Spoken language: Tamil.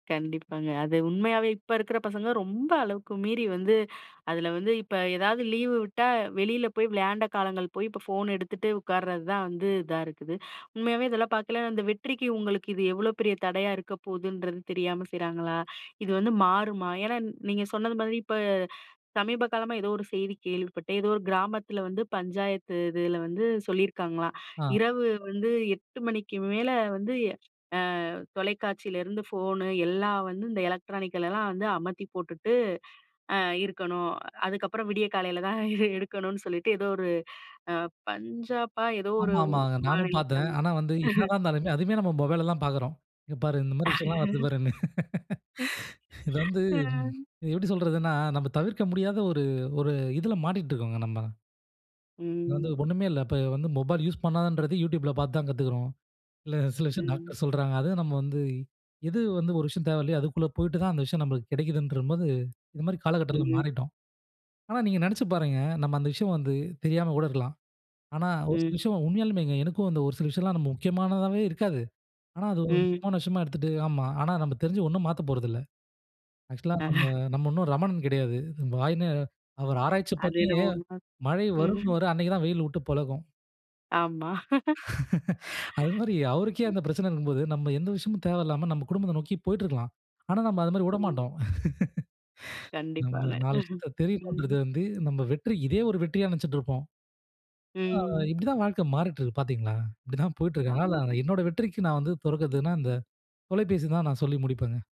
கண்டிப்பாங்க. அது உண்மையாவே இப்ப இருக்கிற பசங்க ரொம்ப அளவுக்கு மீறி வந்து, அதில வந்து இப்ப ஏதாவது லீவு விட்டா, வெளில போய் விளையாண்ட காலங்கள் போய், இப்போ ஃபோன் எடுத்துட்டு உட்கார்றது தான் வந்து இதா இருக்குது. உண்மையாவே இதெல்லாம் பார்க்கைல அந்த வெற்றிக்கு உங்களுக்கு இது எவ்ளோ பெரிய தடையா இருக்க போகுதுன்றது தெரியாம செய்றாங்களா! இது வந்து மாறுமா? ஏன்னா, நீங்க சொன்னது மாதிரி இப்ப சமீப காலமா ஏதோ ஒரு செய்தி கேள்விப்பட்டேன். ஏதோ ஒரு கிராமத்தில வந்து பஞ்சாயத்து இதில வந்து சொல்லியிருக்காங்கலாம், ஆ. இரவு வந்து 8:00 மணிக்கு மேலே வந்து, ஆ தொலைக்காட்சியிலருந்து ஃபோனு, எல்லாம் வந்து இந்த எலக்ட்ரானிக்கலெல்லாம் வந்து அமத்தி போட்டுட்டு, அ இருக்கணும். அதுக்கப்பறம் விடிய காலையில தான் எ எடுக்கணுன்னு சொல்லிட்டு ஏதோ ஒரு அ பஞ்சாப்பா! எதோ ஒரு ஆமா, ஊ ஆமாங்க. நானும் மாநிலத்தில பார்த்தேன். வந்து ஆனா வந்து என்னதான் இருந்தாலுமே, அதுமே நம்ம மொபைல்ல தான் பார்க்கிறோம். இங்க பாரு! இந்தமாரி விஷயங்கள்லாம் வருது பாருன்னு. ம். இது வந்து அ. எப்பிடி சொல்றதுன்னா, நம்ம தவிர்க்க முடியாத ஒரு ஒரு இதில மாட்டிட்டு இருக்கோங்க நம்ம. அது வந்து ம். ஒண்ணுமே இல்ல. இப்ப வந்து மொபைல் யூஸ் பண்ணாதன்றது Youtubeல பார்த்து தான் கத்துக்கிறோம். இல்ல சில விஷயம் ம். டாக்டர் சொல்றாங்க. அதுவும் நம்ம வந்து எது வந்து ஒரு விஷயம் தேவையில்லயோ! அதுக்குள்ள போயிட்டு தான் அந்த விஷயம் நம்மளுக்கு கிடைக்குதுன்றபோது, இந்தமாரி காலகட்டத்தில ம். மாறிட்டோம். ஆனா, நீங்க நினைச்சு பாருங்க! நம்ம அந்த விஷயம் வந்து தெரியாம கூட இருக்கலாம். ஆனா, ஒரு சில ம். விஷயம் உண்மையாலுமேங்க எனக்கும் அந்த ஒரு சில விஷயம்லாம் நம்ம முக்கியமானதாவே இருக்காது. ஆனா, அது ஒரு ம். முக்கியமான விஷயமா எடுத்துட்டு, "ஆமா ஆனா நம்ம தெரிஞ்சு ஒண்ணும் மாத்தப் போறதுல்ல" ஆக்ஷூவலா நம்ம, அ.அஹ. நம்ம ஒண்ணும் ரமணன் கெடையாது. [unintelligible] அவரு ஆராய்ச்சி அது பண்ணியே என்னமோ உண்ம. மழை ம். வருன்னுவாரு அன்னக்கி தான் வெயில் விட்டு பொழக்கும். ஆமா. அதுமாரி அவருக்கே அந்த பிரச்சனை இருக்கும்போது, நம்ம எந்த விஷயமும் தேவையில்லாம நம்ம குடும்பத்த நோக்கி போயிட்டு இருக்கலாம். ஆனா நாம் அதுமாரி ம். விடமாட்டோம். கண்டிப்பாங்க, நம்ம [unintelligible] தெரியணும்ன்றது ம். வந்து நம்ம வெற்றி இதே ஒரு வெற்றியா நினச்சிட்டு இருப்போம். ஆ ம். இப்பிடிதான் வாழ்க்கை மாறிட்டு இருக்கு பார்த்தீங்களா! இப்பிடிதான் போயிட்டு இருக்காங்க, ஆமாங்க. ஆனா என்னோட வெற்றிக்கு நான் வந்து பொறுப்பேத்தக்குறதுன்னா இந்த தொலைபேசி தான் நான் சொல்லி முடிப்பேங்க.